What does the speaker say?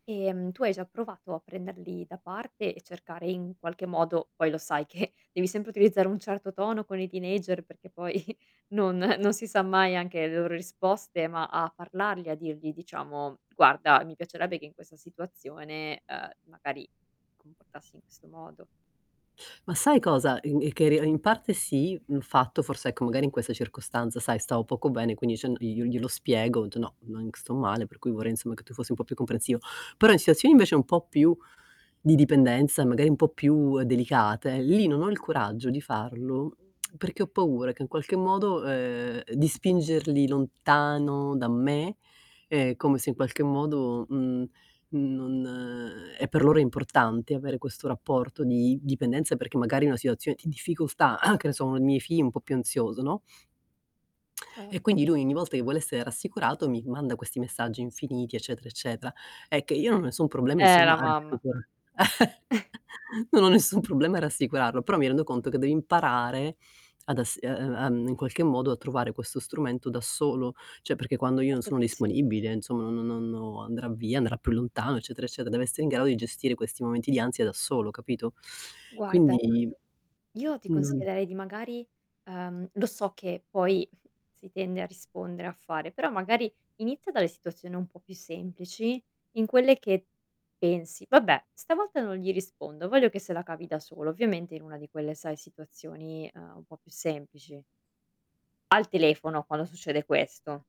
Ehm, tu hai già provato a prenderli da parte e cercare in qualche modo poi lo sai che, devi sempre utilizzare un certo tono con i teenager perché poi non non si sa mai anche le loro risposte, ma a parlargli a dirgli diciamo: "Guarda mi piacerebbe che in questa situazione, ehm, magari ti comportassi in questo modo." Ma sai cosa? [unintelligible] in parte sì, mhmm, il fatto forse ecco magari in questa circostanza sai stavo poco bene quindi [unintelligible] io io glielo spiego, ho detto: "No, nonc sto male per cui vorrei insomma che tu fossi un po' più comprensivo". Però in situazioni invece un po' più di dipendenza, magari un po' più delicate, lì non ho il coraggio di farlo, perché ho paura che in qualche modo, ehm, di spingerli lontano da me, ehm, come se in qualche modo, uhm, uhm, non e per loro importante, avere questo rapporto di dipendenza perché magari è una situazione di difficoltà, che ne so, uno dei miei figli è un po' più ansioso, no Certo. e quindi lui ogni volta che vuole essere rassicurato, mi manda questi messaggi infiniti eccetera eccetera. È che io non ho nessun problema Eh, la insomma. mamma. [unintelligible] Non ho nessun problema a rassicurarlo, però mi rendo conto che devi imparare ad ass e e ehm, in qualche modo a trovare questo strumento da solo, cioè perché quando io non Certo sono che sì. disponibile insomma no no non andrà via, andrà più lontano eccetera eccetera, deve essere in grado di gestire questi momenti di ansia da solo capito? Guarda Quindi Io ti Mh-mh. consiglierei di magari, ehm, lo so che poi si tende a rispondere a fare, però magari inizia dalle situazioni un po' più semplici, in quelle che pensi: "Vabbè stavolta non gli rispondo, voglio che se la cavi da solo". Ovviamente in una di quelle, sai, situazioni, ehm, un po' più semplici. Al telefono quando succede questo.